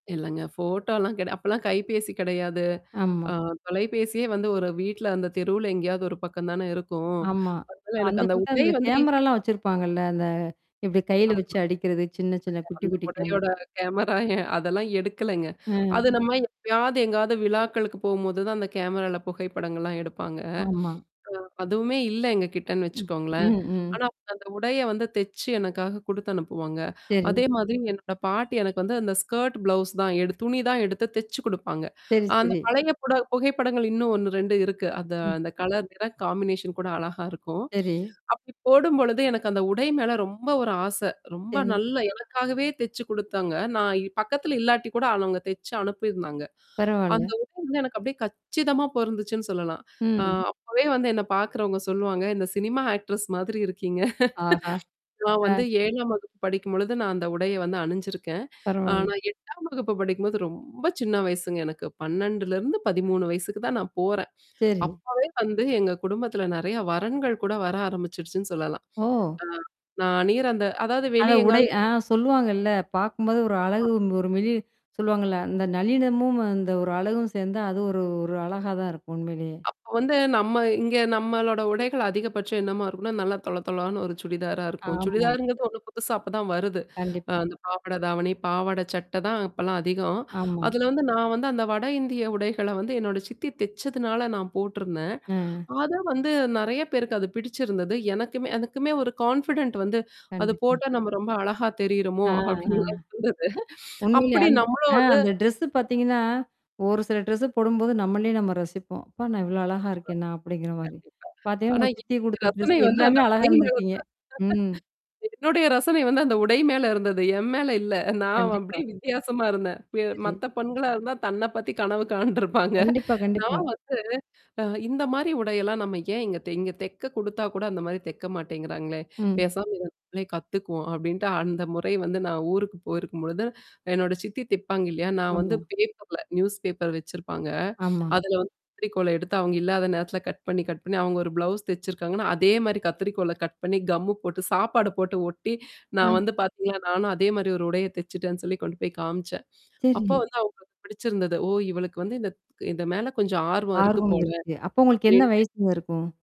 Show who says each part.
Speaker 1: இல்லங்க ஃபோட்டோலா கெடயா அப்பல்லாம் கைபேசி கிடையாது.
Speaker 2: ஆமா.
Speaker 1: ஆ தொலைபேசியே வந்து ஒரு வீட்ல அந்த தெருவுல எங்கேயாவது ஒரு பக்கம் தானே இருக்கும்.
Speaker 2: ஆமா,
Speaker 1: அதனால
Speaker 2: அந்த
Speaker 1: எனக்கு அந்த
Speaker 2: அ
Speaker 1: உடை
Speaker 2: அந்த கே
Speaker 1: வந்து
Speaker 2: கேமராலாம் வச்சிருப்பாங்கல்ல, அந்த இப்படி கையில
Speaker 1: ஆமா.
Speaker 2: வச்சு அடிக்கிறது சின்ன, சின்ன குட்டி
Speaker 1: அந்த
Speaker 2: குட்டி கேமரா.
Speaker 1: உடையோட கேமரா அதெல்லாம் எடுக்கலங்க.
Speaker 2: ம்.
Speaker 1: அது நம்ம எப்பயாவது எங்காவது விழாக்களுக்கு போகும்போது தான் அந்த கேமரால புகைப்படங்கள்லாம் எடுப்பாங்க. அ
Speaker 2: ஆமா.
Speaker 1: அதுவுமே இல்ல எங்க கிட்டன்னு
Speaker 2: ம்,
Speaker 1: வச்சுக்கோங்களேன்.
Speaker 2: ம்.
Speaker 1: ஆனா அந்த உடைய வந்து தெச்சு எனக்காக குடுத்து அனுப்புவாங்க.
Speaker 2: சேரி.
Speaker 1: அதே மாதிரி என்னோட பாட்டி எனக்கு வந்து அந்த ஸ்கர்ட் ப்ளவுஸ் தான் எடு துணி தான் எடுத்து தெச்சு குடுப்பாங்க.
Speaker 2: சேரி,
Speaker 1: அந்த
Speaker 2: சேரி.
Speaker 1: பழைய புட புகைப்படங்கள் இன்னும் 1 , 2 இருக்கு. அந்த
Speaker 2: ம்.
Speaker 1: அந்த கலர் நிற காம்பினேஷன் கூட அழகா இருக்கும்.
Speaker 2: சேரி.
Speaker 1: அப்டி போடும்பொழுது எனக்கு அந்த உடை மேல ரொம்ப ஒரு ஆசை, ரொம்ப
Speaker 2: சேரி.
Speaker 1: நல்ல எனக்காகவே தெச்சு குடுத்தாங்க, நான் பக்கத்தல இல்லாட்டி கூட அவவங்க தெச்சு அனுப்பியிருந்தாங்க. அந்த
Speaker 2: பரவால்ல.
Speaker 1: உட வந்து எனக்கு அப்டியியே கச்சிதமா பொருந்துச்சுன்னு சொல்லலாம். அ
Speaker 2: ம்.
Speaker 1: அப்பவே வந்து என்ன பாக்கறவங்க சொல்லுவாங்க, இந்த "சினிமா ஆக்டர்ஸ் மாதிரி இருக்கீங்க."
Speaker 2: ஆஹா!
Speaker 1: நான் வந்து
Speaker 2: ஆன்.
Speaker 1: 7ம் வகுப்பு படிக்கும்பொழுது நான் அந்த உடைய வந்து அணிஞ்சிருக்கேன்.
Speaker 2: பரவால்ல.
Speaker 1: ஆனா 8ம் வகுப்பு படிக்கும்போது ரொம்ப சின்ன வயசுங்க எனக்கு 12-13 வயசுக்கு தான் நான் போறேன்.
Speaker 2: சேரி.
Speaker 1: அப்பவே வந்து எங்க குடும்பத்தில நெறைய வரன்கள் கூட வர ஆரம்பிச்சுடுச்சுன்னு சொல்லலாம்.
Speaker 2: ஓ!
Speaker 1: ந நீர் அந்த அதாவது
Speaker 2: அந்த
Speaker 1: வெளிய
Speaker 2: உடை
Speaker 1: எங்காவது
Speaker 2: ஆ சொல்லுவாங்கல்ல. பாக்கும்போது ஒரு அழகு ஒரு மெழி சொல்லுவாங்கல்ல. அந்த நல்லினமும் அந்த ஒரு அழகும் சேர்ந்தா அது ஒரு ஒரு அழகா தான் இருக்கும் உண்மையிலேயே.
Speaker 1: அப்ப வந்து நம்ம இங்க நம்மளோட உடைகள் அதிகபட்சம் என்னமா இருக்கும்னா, நல்லா தொள தொளனு ஒரு சுடிதாரா இருக்கும்.
Speaker 2: ஆமா.
Speaker 1: சுடிதாருங்கிறது ஒண்ணும் புதுசா அப்ப தான் வருது. அ
Speaker 2: கண்டிப்பா.
Speaker 1: அந்த பாவாடை தாவணி, பாவாடை சட்ட தான் அப்பலாம் அதிகம்.
Speaker 2: ஆமா.
Speaker 1: அதுல வந்து நான் வந்து அந்த வட இந்திய உடைகள்ல வந்து என்னோட சித்தி தெச்சதுனால நான் போட்டுருந்தேன்.
Speaker 2: அ.
Speaker 1: அத வந்து நெறைய பேருக்கு அது பிடிச்சிருந்தது. எனக்குமே ஒரு கான்ஃபிடன்ட் வந்து அது
Speaker 2: கண்டிப்பா.
Speaker 1: போட்டா நம்ம ரொம்ப அழகா தெரியிறமோ!
Speaker 2: ஆ.
Speaker 1: அப்டிலெல்லாம் இருந்தது.
Speaker 2: உண்மையிலே
Speaker 1: அப்படி
Speaker 2: அந்த
Speaker 1: நம்மளும்
Speaker 2: ஆ அந்த ட்ரெஸ்
Speaker 1: வந்து
Speaker 2: பார்த்தீங்கன்னா? ஒரு சில ட்ரெஸ்ஸ போடும்போது நம்மளே நம்ம ரசிப்போம். அப்போ நான் இவ்வளோ அழகா இருக்கேன்னா? அப்டிங்கிற மாரி.
Speaker 1: கண்டிப்பா.
Speaker 2: பாார்த்தீங்கன்னா,
Speaker 1: ஆனா
Speaker 2: உங்க சித்தி
Speaker 1: இந்த
Speaker 2: குடுத்த ட்ரெஸ்
Speaker 1: ரசனை வந்து
Speaker 2: எல்லாமே
Speaker 1: அந்த
Speaker 2: அழகா இருந்தருக்கீங்க. ம்.
Speaker 1: என்னுடைய ரசனை வந்து அந்த உடை மேல இருந்தது. என் மேல இல்ல, நான்
Speaker 2: கண்டிப்பா.
Speaker 1: அப்படியே வித்தியாசமா இருந்தேன் ப
Speaker 2: சேரி.
Speaker 1: மத்த பெண்களா இருந்தா தன்ன பத்தி கனவு காண்டுருப்பாங்க.
Speaker 2: கண்டிப்பா,
Speaker 1: நான்
Speaker 2: கண்டிப்பா.
Speaker 1: வந்து அ இந்த மாரி உடையெல்லாம் நம்ம ஏன் இங்க தெ இங்க தெக்க குடுத்தா கூட அந்த மாரி தெக்க மாட்டேங்கிறாங்களேன்
Speaker 2: ம்.
Speaker 1: பேசாம இத நம்மளே கத்துக்குவோம் அப்டின்ட்டு அந்த முறை வந்து நான் ஊருக்கு போயிருக்கும்பொழுது என்னோட சித்தி தெப்பாங்க இல்லயா? நான் வந்து
Speaker 2: ஆமா.
Speaker 1: பேப்பர்ல நியூஸ் பேப்பர் வச்சிருப்பாங்க,
Speaker 2: ஆமா.
Speaker 1: அதுல வந்து கத்திரிக்கோல்ல எடுத்து அவங்க இல்லாத நேரத்தில கட் பண்ணி, கட் பண்ணி அவங்க ஒரு ப்ளவுஸ் தச்சிருக்காங்கன்னா, அதே மாரி கத்திரிக்கோல கட் பண்ணி கம்மு போட்டு சாப்பாடு போட்டு ஒட்டி, நான்
Speaker 2: ஆ.
Speaker 1: வந்து பாத்தீங்களா நானும் அதே மாரி ஒரு உடைய தச்சுட்டேன்னு சொல்லி கொண்டு காமிச்சேன். அப்போ
Speaker 2: சேரி.
Speaker 1: வந்து அவங்க பிடிச்சிருந்தது. ஓ! இவளுக்கு வந்து இந்த இந்த மேல கொஞ்சம் ஆர்வம் இருக்கு
Speaker 2: ஆர்வம்
Speaker 1: போல.
Speaker 2: இருக்கு. அப்போ உங்களுக்கு என்ன
Speaker 1: [unintelligible]
Speaker 2: வயசுங்க இருக்கும்?